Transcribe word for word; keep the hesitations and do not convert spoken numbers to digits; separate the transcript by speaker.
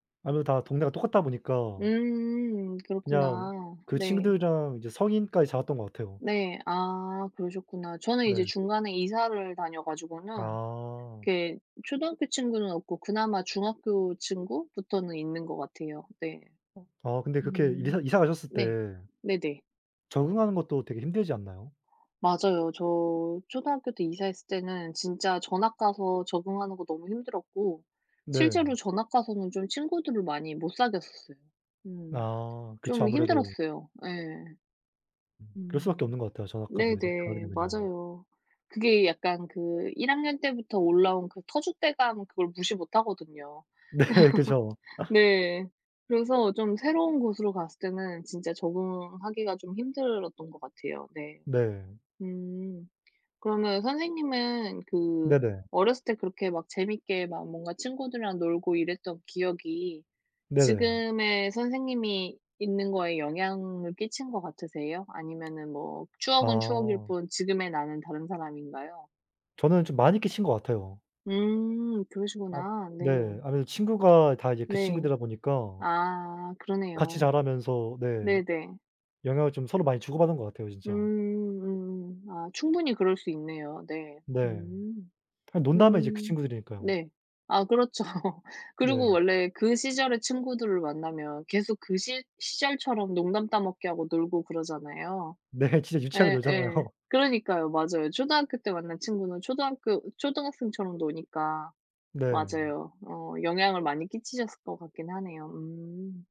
Speaker 1: 아무래도 다 동네가 다 똑같다 보니까
Speaker 2: 음
Speaker 1: 그냥
Speaker 2: 그렇구나.
Speaker 1: 그
Speaker 2: 네.
Speaker 1: 친구들이랑 이제 성인까지 자랐던 것 같아요.
Speaker 2: 네. 아 그러셨구나. 저는 이제
Speaker 1: 네.
Speaker 2: 중간에 이사를 다녀 가지고는
Speaker 1: 아.
Speaker 2: 이렇게 초등학교 친구는 없고 그나마 중학교 친구부터는 있는 것 같아요 네.
Speaker 1: 어 아 근데 그렇게 이사
Speaker 2: 음
Speaker 1: 이사 가셨을
Speaker 2: 네.
Speaker 1: 때
Speaker 2: 네네.
Speaker 1: 적응하는 것도 되게 힘들지 않나요?
Speaker 2: 맞아요. 저 초등학교 때 이사했을 때는 진짜 전학 가서 적응하는 거 너무 힘들었고 실제로
Speaker 1: 네.
Speaker 2: 전학 가서는 좀 친구들을 많이 못 사귀었었어요 음.
Speaker 1: 아 그쵸.
Speaker 2: 좀
Speaker 1: 아무래도
Speaker 2: 힘들었어요. 예.
Speaker 1: 음 그럴 수 밖에 없는
Speaker 2: 음.
Speaker 1: 것 같아요. 전학 갔는데 [unintelligible] 가게
Speaker 2: 네네.
Speaker 1: 되면요.
Speaker 2: 맞아요. 그게 약간 그 일 학년 때부터 올라온 그 터줏대감 그걸 무시 못하거든요.
Speaker 1: 네. 그죠.
Speaker 2: 네. 그래서 좀 새로운 곳으로 갔을 때는 진짜 적응하기가 좀 힘들었던 것 같아요 네.
Speaker 1: 네.
Speaker 2: 음 그러면 선생님은 그
Speaker 1: 네네.
Speaker 2: 어렸을 때 그렇게 막 재밌게 막 뭔가 친구들이랑 놀고 이랬던 기억이
Speaker 1: 네네.
Speaker 2: 지금의 선생님이 있는 거에 영향을 끼친 것 같으세요? 아니면은 뭐 추억은 추억일
Speaker 1: 아.
Speaker 2: 뿐 지금의 나는 다른 사람인가요?
Speaker 1: 저는 좀 많이 끼친 것 같아요.
Speaker 2: 음
Speaker 1: 아
Speaker 2: 그러시구나.
Speaker 1: 네
Speaker 2: 네.
Speaker 1: 아무래도 친구가 다 이제 그
Speaker 2: 네.
Speaker 1: 친구들이다 보니까
Speaker 2: 아
Speaker 1: 같이
Speaker 2: 그러네요.
Speaker 1: 자라면서 네
Speaker 2: 네네.
Speaker 1: 영향을 좀 서로 많이 주고받은 것 같아요 진짜.
Speaker 2: 음음. 아 충분히 그럴 수 있네요. 네.
Speaker 1: 네.
Speaker 2: 음.
Speaker 1: 그냥 논다 하면 이제 그
Speaker 2: 음.
Speaker 1: 친구들이니까요.
Speaker 2: 네. 아 그렇죠. 그러고
Speaker 1: 네.
Speaker 2: 원래 그 시절의 친구들을 만나면 계속 그 시 시절처럼 농담 따먹기 하고 놀고 그러잖아요.
Speaker 1: 네 진짜 유치하게
Speaker 2: 예예.
Speaker 1: 놀잖아요.
Speaker 2: 그러니까요. 맞아요. 초등학교 때 만난 친구는 초등학교 초등학생처럼 노니까.
Speaker 1: 네.
Speaker 2: 맞아요. 어 영향을 많이 끼치셨을 것 같긴 하네요. 음.